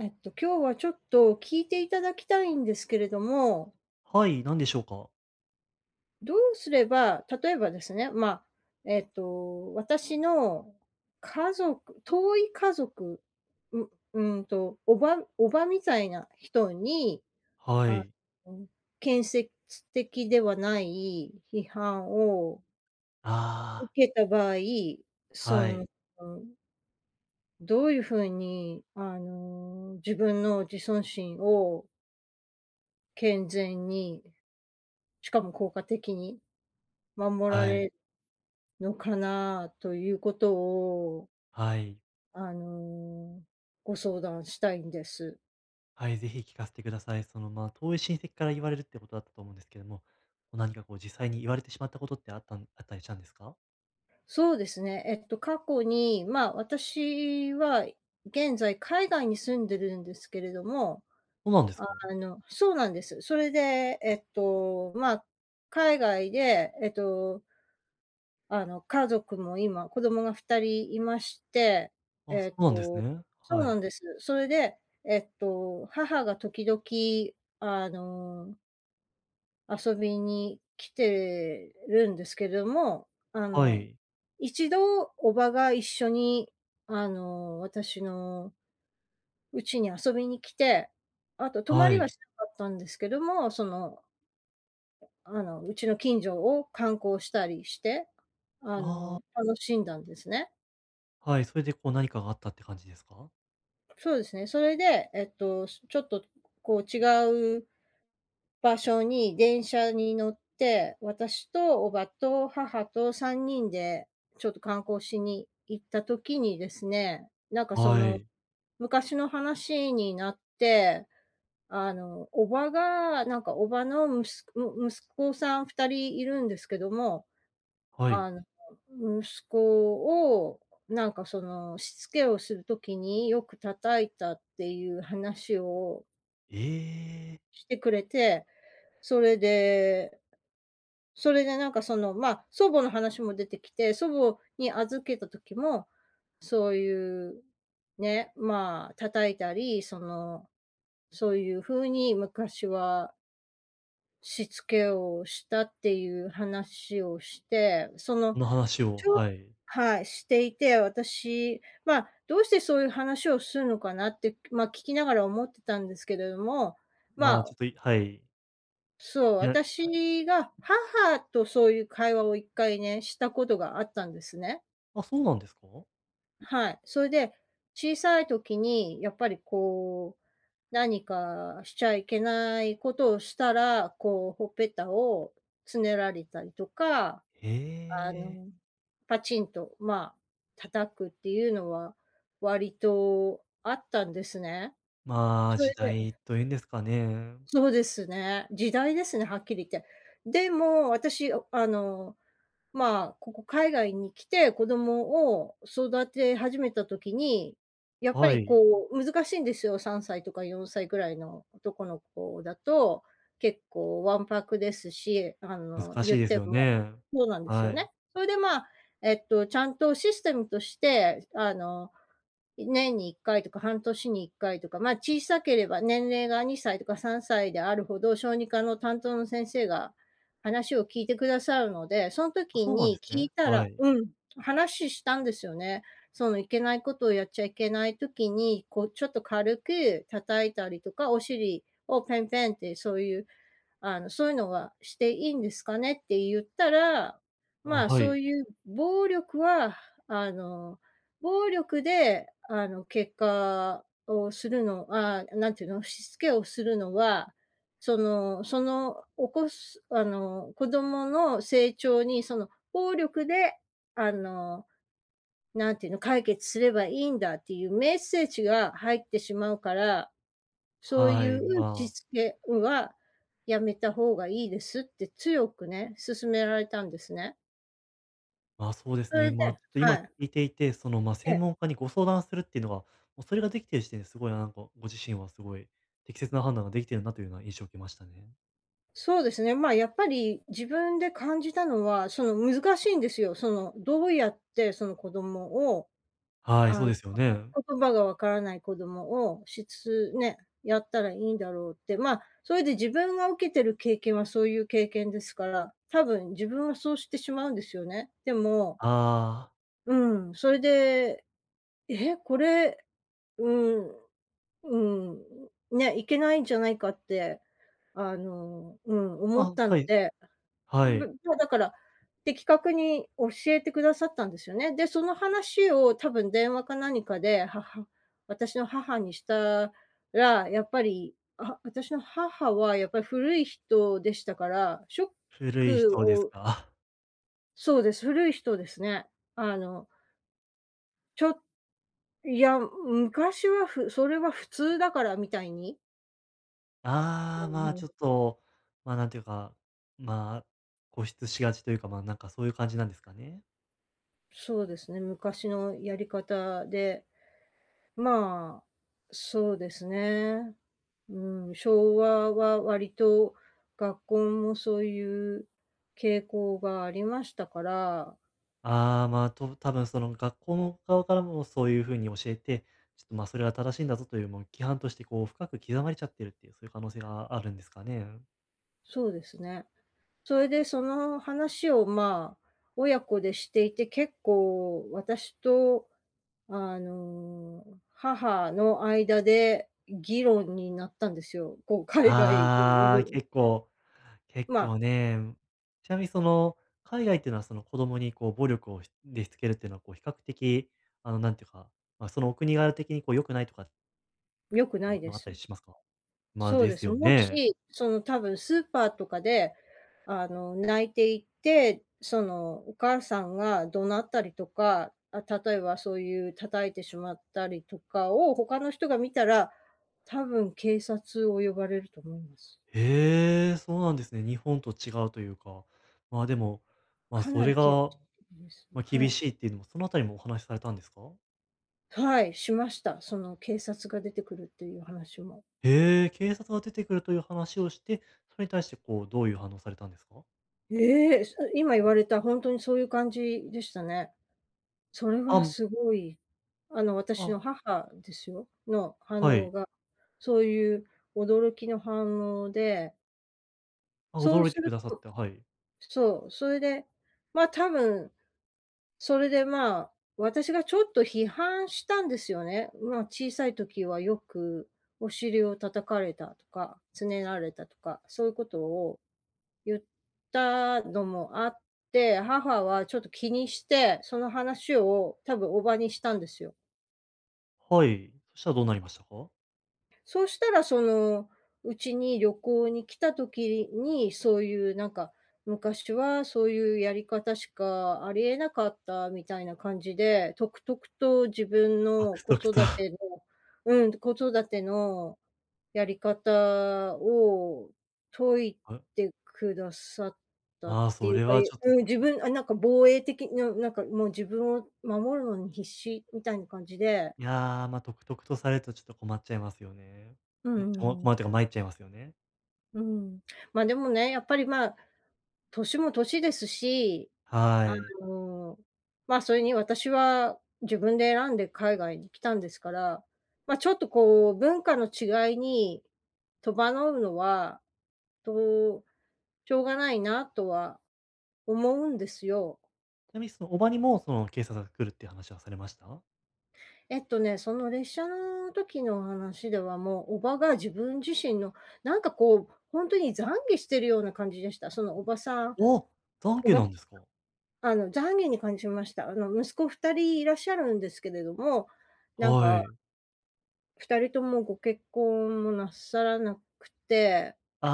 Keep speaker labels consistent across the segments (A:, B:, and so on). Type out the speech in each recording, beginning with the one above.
A: えっと、今日はちょっと、聞いていただきたいんですけれども
B: はい、何でしょうか？
A: どうすれば、例えばですね、まあ、えっと、私の、家族遠い家族、んうーんと、叔母叔母みたいな、人に、
B: は
A: あ
B: い。
A: の、建設的ではない批判を受
B: ああ。
A: けた場合、そ
B: はい。
A: のどういう風に、あの、自分の自尊心を健全にしかも効果的に、守ら
B: はい。
A: れのかなということを
B: はい。
A: あの、ご相談したいんです。
B: はい、是非聞かせてください。その、まあ、遠い親戚から言われるっていうことだったと思うんですけども、何か、こう、実際に言われてしまったことってあったんあったりしたんですか？
A: そうですね、えっと、過去に、まあ、私は、現在海外に住んでるんですけれども、
B: そうなんですか？
A: あのそうなんです。それで、えっと、ま、海外でえとあの、家族も今、子供が2人いまして、
B: あ、
A: え
B: そ
A: っ
B: うなんです
A: と
B: ね。
A: そう
B: は
A: な
B: い。
A: んです。それで、えっと、母が時々あの遊びに来てるんですけども、あ
B: は
A: の、
B: い。
A: 1度叔母が一緒に、あの、私のうちに遊びに来て、あと、泊ま
B: は
A: りは
B: い。
A: しなかったんですけども、そのあの、うちの近所を観光したりして、あ
B: ああ。
A: の、楽しんだんですね。
B: はい、それで、こう、何かがあったって感じですか？
A: そうですね。それで、えっと、ちょっと、こう、違う場所に電車に乗って、私と叔母と母と3人で、ちょっと観光しに行った時にですね、なんか、そ
B: は
A: の、
B: い。
A: 昔の話になって、あの、叔母が、なんか叔母のむすの息子さん2人いるんですけども、
B: はい。
A: あの、息子を、なんか、その、しつけをする時によく叩いたっていう話を
B: ええ。
A: してくれて、それでそれでなんか、その、ま、祖母の話も出てきて、祖母に預けた時も、そういう、ね、まあ、叩いたり、その、そういう風に昔はしつけをしたっていう話をして、その、
B: その話を
A: ちょ
B: はい。
A: はい、していて、私、まあ、どうしてそういう話をするのかなって、まあ、聞きながら思ってたんですけれども、ま
B: ま、ち
A: あ
B: ょっと、いはい。
A: そう、
B: いや。
A: 私
B: はい。
A: にが、母とそういう会話を1回ね、したことがあったんですね。
B: あ、そうなんですか？
A: はい、そいで、小さい時に、やっぱり、こう、何か、しちゃいけないことをしたら、こう、頬っぺたをつねられたりとか、
B: え
A: あ
B: え。
A: の、パチンと、まあ、叩くっていうのは、割と、あったんですね。
B: まあ、
A: それ
B: 時
A: で
B: 代と言うんですかね。
A: そうですね、時代ですね、はっきり言って。でも、私、おあの、まあ、ここ海外に来て、子供を、育て始めた時に、やっぱ
B: は
A: り、
B: い。
A: こう、難しいんですよ、3歳とか4歳ぐらいの男の子だと、結構ワンパクですし、あの、
B: 難し
A: 言
B: い
A: っ
B: です
A: て
B: よ
A: も
B: ね。
A: そうなんです
B: は
A: よね。
B: い。
A: それで、まあ、えっと、ちゃんとシステムとして、あの、年に1回とか半年に1回とか、ま、小さければ年齢が2歳とか3歳であるほど、小児科の担当の先生が、話を聞いてくださるので、そん
B: あ、
A: 時
B: そうなんで
A: に
B: す
A: 聞
B: ね。
A: いたら
B: はい。
A: うん、話したんですよね。その、いけないことをやっちゃいけない時に、こう、「ちょっと軽く叩いたりとか、お尻をペンペンってそういうあの、そういうのはしていいんですかね」って言ったら、ま
B: あ、
A: あ、
B: は
A: そ
B: い。
A: ういう暴力は、あの、暴力で、あの、結果をするのああ、なんていうの、しつけをするのは、そのその、おこすあの、子供の成長に、その、暴力で、あの、何て言うの、解決すればいいんだっていうメッセージが入ってしまうから、そう
B: は
A: い
B: い、
A: う
B: ま
A: し
B: あ。
A: つけは、やめた方がいいですって強くね、勧められたんですね。
B: あ、そうです
A: それ
B: ね。
A: で
B: ま、ちょっと
A: は
B: 今聞
A: い。
B: いていてその、ま、
A: ええ。
B: 専門家にご相談するっていうのが、も、それができている時点ですごいなんこご自身はすごい適切な判断ができているな、というのは印象を受けましたね。
A: そうですね、ま、やっぱり、自分で感じたのはその難しいんですよ、そのどうやってその子供を、
B: はい、そ
A: あ
B: う
A: の、
B: ですよね。
A: 言葉がわからない子供をしつね、やったらいいんだろうって、ま、それで自分が受けてる経験はそういう経験ですから、多分自分はそうしてしまうんですよね。でも
B: ああ。
A: うん、それで、え、これうん、うん、ね、いけないんじゃないかって、あの、うん、思っ
B: あ、
A: たの
B: はい、
A: で
B: はい。
A: ただから的確に教えてくださったんですよね。で、その話を多分電話か何かで母私の母にしたらやっぱり、あは私の母はやっぱり古い人でしたからショッ
B: 古い
A: ク
B: 人です
A: を
B: か。
A: そうです古い人ですね。あのちょっいや、昔はふそれは普通だからみたいに
B: ああ、
A: う
B: ま、
A: ん。
B: ちょっと、ま、なんていうか、ま、固執しがちというか、ま、なんかそういう感じなんですかね。
A: そうですね、昔のやり方で、まあ、そうですね、うん、昭和は割と学校もそういう傾向がありましたから
B: ああ、ま、と多分その学校の側からもそういう風に教えて、ちょっと、ま、それは正しいんだぞというも規範として、こう、深く刻まれちゃっているっていう、そういう可能性があるんですかね、うん。
A: そうですね。そいでその話を、ま、親子でしていて結構私と、あの、母の間で議論になったんですよこう海外
B: ああ、
A: う
B: 結構結
A: ま
B: 構ね、うん。ちなみにその海外っていうのは、その子供にこう暴力をしでしつけるっていうのはこう比較的、あの、なんていうか、ま、そのお国柄的に、こう、良くないとか
A: 良くない
B: ま
A: で
B: まあったり
A: す。
B: しますか？ま、
A: そう
B: で
A: で
B: す
A: す。
B: よ
A: も
B: ね。
A: し、その多分スーパーとかであの、泣いていて、その、お母さんが怒鳴ったりとか、あ、例えばそういう叩いてしまったりとかを他の人が見たら、多分警察を呼ばれると思います。
B: ええ、そうなんですね。日本と違うというか。ま、でも、まあ、
A: か
B: そ
A: な
B: れ
A: り厳
B: が
A: です。
B: ま、
A: は
B: 厳
A: い。
B: しいっていうのもそのあたりもお話されたんですか？
A: はい、しました。その警察が出てくるっていう話も。
B: へえ、警察が出てくるという話をして、それに対してこう、どういう反応をされたんですか？
A: ええ、今言われたほんとにそういう感じでしたね。それ
B: あ
A: は
B: ん。
A: すごい、あの私
B: あ。
A: の母ですよ、の反
B: は
A: 応
B: い。
A: が。そういう驚きの反応で
B: あ、
A: そう
B: 驚い
A: す
B: てく
A: る
B: ださ
A: と
B: った、はい。
A: そう、それで、まあ、多分それでまあ、私がちょっと批判したんですよね。ま、小さい時はよく、お尻を叩かれたとか、つねられたとか、そういうことを言ったのもあって、母はちょっと気にして、その話を多分叔母にしたんですよ。
B: はい、そしたらどうなりましたか？
A: そしたらその、うちに旅行に来た時にそういうなんか「昔はそういうやり方しかありえなかった」みたいな感じでとくとくと自分
B: と
A: の
B: く
A: 子
B: とくと。
A: 育 てのうん、子育てのやり方を説い
B: はう。
A: てくださったっ
B: ああ、
A: て
B: そ
A: いう
B: れ
A: か、
B: はち
A: え
B: ょっと
A: うん、自分あなんか防衛的な、なんかもう自分を守るのに必死みたいな感じで
B: いや、ま、とくとくとされるとちょっと困っちゃいますよね。
A: うんう
B: んここ
A: んうん。
B: まっというかまいっちゃいますよね。
A: うん、ま、でもねやっぱり、ま、年も年ですし、
B: は
A: あ
B: い。
A: の、ま、それに私は自分で選んで海外に来たんですから、ま、ちょっと、こう、文化の違いに戸惑うのはとしょうがないなとは思うんですよ。
B: ちなみにその叔母にも、その警察が来るっていう話はされました？
A: えっとねその列車の時の話ではもう、叔母が自分自身のなんか、こう、ほんとに懺悔してるような感じでした。そのおばさん、
B: お、
A: お
B: 懺悔
A: ば
B: なんですか？
A: あの、懺悔に感じました。あの、息子2人いらっしゃるんですけれども、なん
B: は
A: か
B: い。
A: 2人ともご結婚もなさらなくて
B: あ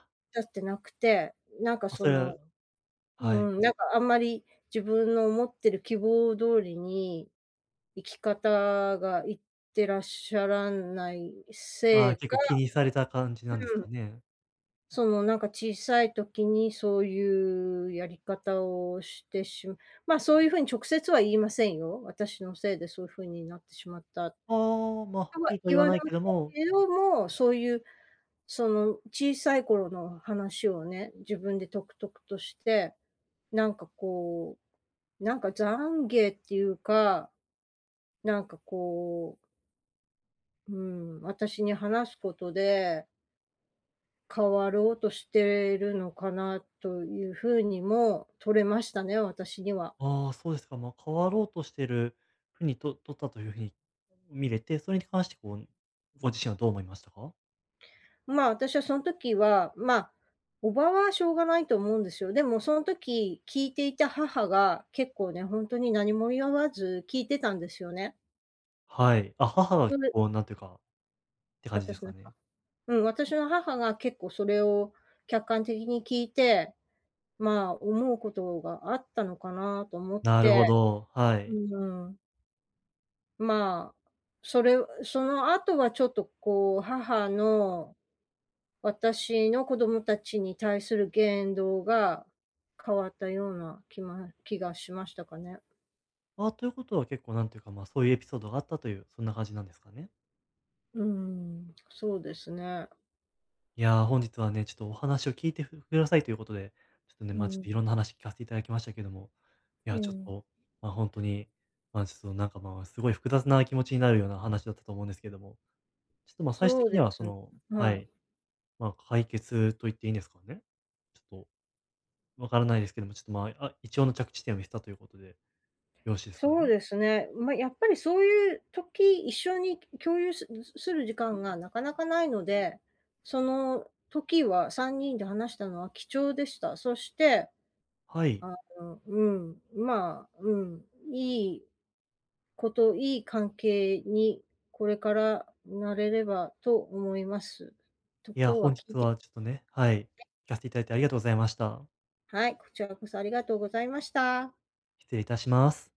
B: あ。
A: 出してなくて、なんか
B: あ、そ
A: そ
B: うい
A: の
B: う
A: う
B: はい。
A: ん、なんかあんまり自分の思ってる希望通りに、生き方がいってらっしゃらない
B: あ
A: せ
B: あ、
A: い
B: 結
A: か
B: 構気にされた感じなんです
A: うん。
B: かね。
A: そのなんか小さい時にそういうやり方をしてしまあそういう風に直接は言いませんよ。私のせいでそう風になってしまったと
B: ああ、ま、はっき
A: は
B: りとは
A: 言
B: 言
A: わ
B: わ
A: れ
B: ない
A: ま
B: け
A: し
B: ど
A: た
B: も
A: けども、そういう、その小さい頃の話をね、自分でとくとくとして、なんかこう、なんか懺悔っていうか、なんかこううん、私に話すことで変わろうとしてるいのかなという風にも取れましたね、私には。
B: ああそうですか。ま、変わろうとしてる風にと取ったという風に見れて、それに関してこう、ご自身はどう思いましたか？
A: まあ私はそん時は、ま、叔母はしょうがないと思うんですよ。でもそん時聞いていた母が結構ね、ほんとに何も言わず聞いてたんですよね。
B: はい、あ、母は
A: そで
B: こうなんていうかて感じで
A: 私
B: す
A: な
B: か
A: んか
B: ね。
A: うん、私の母が結構それを客観的に聞いて、ま、思うことがあったのかなと思っ
B: なるほ
A: て
B: ど、は
A: う
B: い。
A: ーん。まあ、それんその後はちょっとこう母の、私の子供たちに対する言動が変わったような気ま気がしましたかね。
B: あ、ということは結構なんていうか、ま、そういうエピソードがあったという、そんな感じなんですかね。
A: うーん、そうですね。
B: いや、本日はね、ちょっとお話を聞いてふくださいということで、ちょっとね、
A: う
B: ま、ちょっ
A: ん。
B: といろんな話聞かせていただきましたけども、い
A: え
B: やちょっ
A: え。
B: と、ま、ほんとに、ま、ちょっとなんかまあ、すごい複雑な気持ちになるような話だったと思うんですけども、ちょっとま、最終
A: そう
B: 的に
A: で
B: はそ
A: す
B: のは
A: は
B: い、
A: い。
B: ま、解決と言っていいんですかね。ちょっと、分からないですけども、ちょっとまあ、あ一応の着地点を経たということで、よろしいですか
A: そ
B: ね？
A: うですね。ま、やっぱりそういう時、一緒に共有ぬすする時間がなかなかないので、その時は3人で話したのは貴重でした。そして、
B: はい。
A: あの、うん、ま、うん、いいこと、いい関係にこれからなれればと思います。と
B: いや、
A: 今日は
B: 本
A: 聞い
B: 日
A: て
B: はちょっとねはい、聞かせていただいてありがとうございました。
A: はい、こちらこそありがとうございました。
B: 失礼いたします。